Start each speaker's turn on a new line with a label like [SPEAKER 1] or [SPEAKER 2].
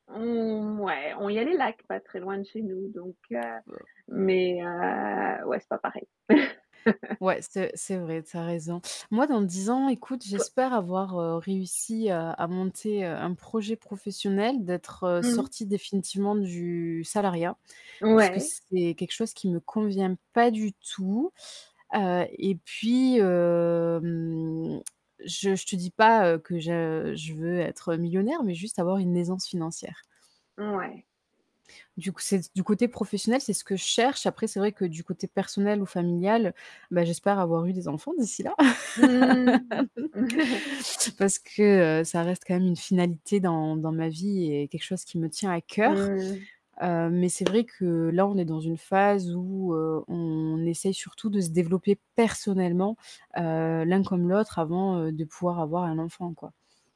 [SPEAKER 1] Mmh ouais, on il y a les lacs pas très loin de chez nous donc heu,
[SPEAKER 2] Heu
[SPEAKER 1] mais heu, ouais, c'est pas pareil.
[SPEAKER 2] Ouais, c'est c'est vrai, tu as raison. Moi, dans 10 ans, écoute,
[SPEAKER 1] Toi
[SPEAKER 2] j'espère avoir, heu, réussi, heu, à monter, heu, un projet professionnel, d'être, heu,
[SPEAKER 1] Mmh.
[SPEAKER 2] sortie définitivement du salariat puisque
[SPEAKER 1] Ouais.
[SPEAKER 2] c'est quelque chose qui me convient pas du tout, heu et puis, hem, je je te dis pas, heu, que je je veux être millionnaire mais juste avoir une aisance financière.
[SPEAKER 1] Ouais.
[SPEAKER 2] Du coup, c'est du côté professionnel, c'est ce que je cherche. Après, c'est vrai que du côté personnel ou familial, bah, j'espère avoir eu des enfants d'ici là.
[SPEAKER 1] Mmh.
[SPEAKER 2] Parce que, heu, ça reste quand même une finalité dans dans ma vie et quelque chose qui me tient à cœur.
[SPEAKER 1] Mmh.
[SPEAKER 2] Heu, mais c'est vrai que là, on est dans une phase où, heu, on essaye surtout de se développer personnellement, heu, l'un comme l'autre avant, heu, de pouvoir avoir un enfant, quoi.